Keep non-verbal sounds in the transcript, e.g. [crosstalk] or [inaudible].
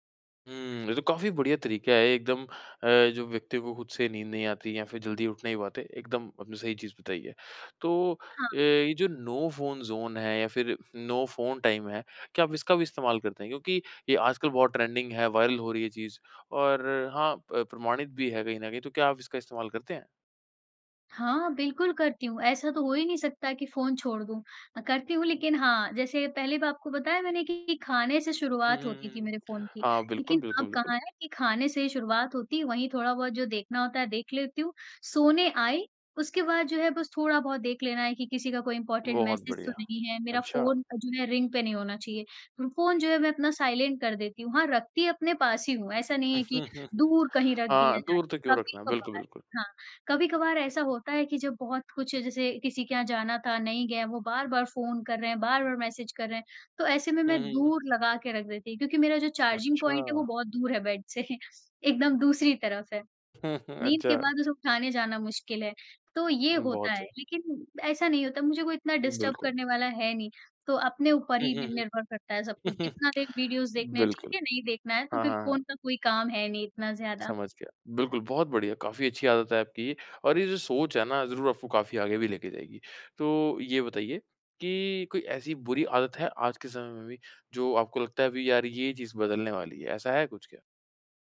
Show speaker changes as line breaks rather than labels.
हुँ, ये तो काफ़ी बढ़िया तरीका है, एकदम अ, जो व्यक्ति को खुद से नींद नहीं आती या फिर जल्दी उठ नहीं पाते, एकदम आपने सही चीज़ बताई है। तो अ,
हाँ।
ये जो नो फ़ोन ज़ोन है, या फिर नो फ़ोन टाइम है, क्या आप इसका भी इस्तेमाल करते हैं? क्योंकि ये आजकल बहुत ट्रेंडिंग है, वायरल हो रही है चीज़ और हाँ, प प्रमाणित भी है कहीं न कहीं। तो क्या आप इसका इस्तेमाल करते हैं?
हाँ, बिल्कुल करती हूँ। ऐसा तो हो ही नहीं सकता कि फ़ोन छोड़ दूँ। अ, करती हूँ, लेकिन हाँ, जैसे पहले भी आपको बताया मैंने कि खाने से
हुँ,
शुरुआत
हुँ,
होती
हुँ,
थी मेरे
हुँ।
फ़ोन की।
हाँ, बिल्कुल,
लेकिन अब
बिल्कुल, बिल्कुल।
कहाँ है कि खाने से ही शुरुआत होती, वहीं थोड़ा बहुत जो देखना होता है, देख लेती हूँ। सोने आई, उसके बाद जो है, बस थोड़ा बहुत देख लेना है कि किसी का कोई इम्पॉर्टेंट
बहुत
मैसेज तो
बढ़िया।
नहीं है। मेरा
अच्छा।
फ़ोन अ, जो है, रिंग पे नहीं होना चाहिए। फ़ोन जो है, मैं अपना साइलेंट कर देती हूँ। हाँ, रखती अपने पास ही हूँ। ऐसा नहीं है कि
[chuckles]
दूर कहीं रख
हाँ,
दिया जाए।
दूर तो क्यों रखना? बिल्कुल,
कभी-कभार
बिल्कुल।
हाँ, कभी-कभार ऐसा होता है कि जब बहुत कुछ, जैसे किसी के यहाँ जाना था, नहीं गए, वो बार-बार फ़ोन कर रहे हैं, बार-बार मैसेज कर रहे हैं, तो ऐसे में
हुँ,
मैं
हुँ, हुँ।
दूर लगा के रख देती हूँ। क्योंकि मेरा जो चार्जिंग पॉइंट है, वो
अच्छा!
बहुत दूर है बेड से। एकदम दूसरी तरफ है।
[chuckles]
नींद के
अच्छा।
बाद उसे उठाने जाना मुश्किल है। तो ये
उम,
होता
बहुत
है।
सही।
लेकिन ऐसा नहीं होता, मुझे कोई इतना डिस्टर्ब
बिल्कुल।
करने वाला है नहीं। तो अपने ऊपर
हुँ,
ही नि
हुँ,
निर्भर करता है सब
हुँ।
कुछ।
[chuckles]
जितना देर वीडियोज़ देखना है, ठीक
बिल्कुल।
है। नहीं देखना है, तो
हाँ,
फिर
हाँ, हाँ।
फ़ोन का कोई काम है नहीं इतना ज़्यादा।
समझ गया। बिल्कुल, बहुत बढ़िया। काफ़ी अच्छी आदत है आपकी ये और ये जो सोच है ना, ज़रूर आपको काफ़ी आगे भी लेके जाएगी। तो ये बताइए कि कोई ऐसी बुरी आदत है, आज के समय में भी, जो आपको लगता है, "अभी यार, ये चीज़ बदलने वाली है।" ऐसा है कुछ क्या?